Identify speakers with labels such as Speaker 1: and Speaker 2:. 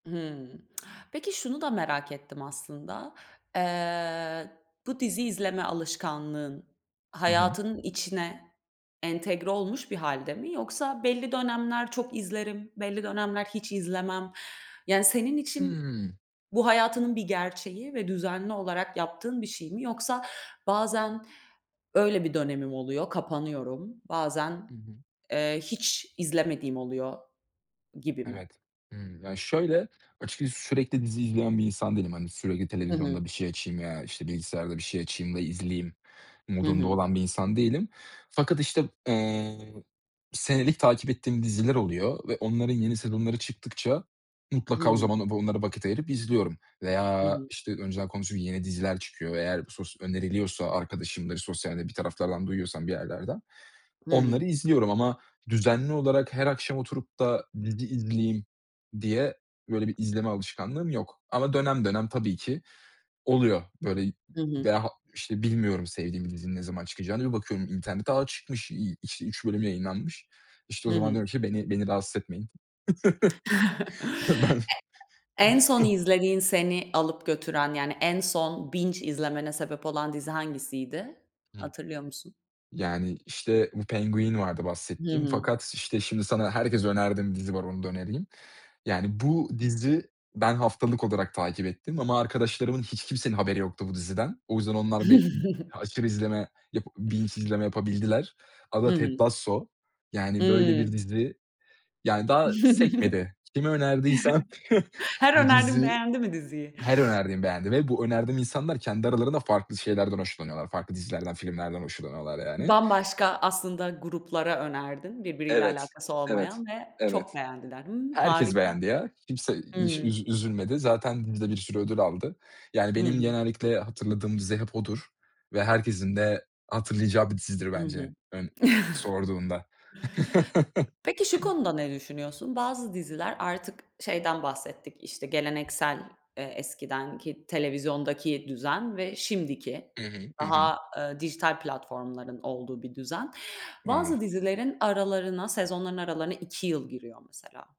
Speaker 1: Hımm. Peki, şunu da merak ettim aslında. Eee, bu dizi izleme alışkanlığın
Speaker 2: Hı hı.
Speaker 1: hayatının içine entegre olmuş bir hâlde mi? Yoksa belli dönemler çok izlerim, belli dönemler hiç izlemem. Yani, senin için
Speaker 2: Hı.
Speaker 1: bu hayatının bir gerçeği ve düzenli olarak yaptığın bir şey mi? Yoksa, bazen, öyle bir dönemim oluyor, kapanıyorum. Bazen,
Speaker 2: Hı hı.
Speaker 1: eee, hiç izlemediğim oluyor gibi mi?
Speaker 2: Evet. Hımm. Ya, şöyle, açıkçası sürekli dizi izleyen bir insan değilim, hani, sürekli
Speaker 1: Hı hı.
Speaker 2: televizyonda bir şey açayım veya işte bilgisayarda bir şey açayım da izleyeyim
Speaker 1: Hı
Speaker 2: modunda
Speaker 1: hı.
Speaker 2: olan bir insan değilim fakat işte, eee, senelik takip ettiğim diziler oluyor ve onların yeni sezonları çıktıkça
Speaker 1: Hı
Speaker 2: mutlaka o
Speaker 1: hı.
Speaker 2: zamanlarda onlara vakit ayırıp izliyorum
Speaker 1: Hı
Speaker 2: veya
Speaker 1: hı.
Speaker 2: işte önceden konuştuğum yeni diziler çıkıyor ve eğer bu sos öneriliyorsa arkadaşımdır, sosyalde bir taraflardan duyuyorsam bir yerlerden,
Speaker 1: Hı hı.
Speaker 2: onları izliyorum ama düzenli olarak her akşam oturup da dizi izleyeyim diye böyle bir izleme alışkanlığım yok ama dönem dönem tabii ki oluyor. Böyle,
Speaker 1: Hı hı.
Speaker 2: veya ha işte, bilmiyorum sevdiğim dizinin ne zaman çıkacağını. Bir bakıyorum internete; "A, çıkmış." İ işte, 3 bölüm yayınlanmış. İşte o
Speaker 1: Hı
Speaker 2: zaman
Speaker 1: hı.
Speaker 2: diyorum ki beni beni rahatsız etmeyin. Ben
Speaker 1: E En son izlediğin seni alıp götüren, yani, en son binge izlemene sebep olan dizi hangisiydi?
Speaker 2: Hı.
Speaker 1: Hatırlıyor musun?
Speaker 2: Yani, işte, bu Penguin vardı
Speaker 1: Hı
Speaker 2: bahsettiğim
Speaker 1: hı.
Speaker 2: fakat, işte, şimdi sana herkese önerdiğim dizi var, onu da önereyim. Yani, bu dizi ben haftalık olarak takip ettim ama arkadaşlarımın hiç kimsenin haberi yoktu bu diziden. O yüzden onlar bi aşırı izleme, yap binge izleme yapabildiler.
Speaker 1: Hı
Speaker 2: Adı
Speaker 1: hı.
Speaker 2: Ted Lasso. Yani, böyle
Speaker 1: Hı.
Speaker 2: bir dizi, yani, daha sekmedi. Kime önerdiysem
Speaker 1: Her
Speaker 2: bu
Speaker 1: önerdiğin
Speaker 2: dizi
Speaker 1: beğendi mi diziyi?
Speaker 2: her önerdiğim beğendi ve bu önerdiğim insanlar kendi aralarında farklı şeylerden hoşlanıyorlar, farklı dizilerden, filmlerden hoşlanıyorlar, yani.
Speaker 1: Bambaşka aslında gruplara önerdin birbiriyle
Speaker 2: Evet,
Speaker 1: alakası
Speaker 2: evet,
Speaker 1: olmayan ve çok
Speaker 2: evet.
Speaker 1: beğendiler. Hımm,
Speaker 2: Herkes
Speaker 1: harika.
Speaker 2: beğendi ya. Kimse hiç
Speaker 1: Hıı.
Speaker 2: üz üzülmedi. Zaten dizi de bir sürü ödül aldı. Yani,
Speaker 1: Hı
Speaker 2: benim
Speaker 1: hı.
Speaker 2: genellikle hatırladığım dizi hep odur ve herkesin de hatırlayacağı bir dizidir
Speaker 1: Hı hı.
Speaker 2: bence ön sorduğunda.
Speaker 1: Peki şu konuda ne düşünüyorsun? Bazı diziler, artık şeyden bahsettik işte geleneksel, eee, eskiden ki televizyondaki düzen ve şimdiki
Speaker 2: Hı hı, hı hı.
Speaker 1: daha, eee, dijital platformların olduğu bir düzen. Bazı
Speaker 2: [unintelligible]
Speaker 1: dizilerin aralarına sezonların aralarına 2 yıl giriyor mesela.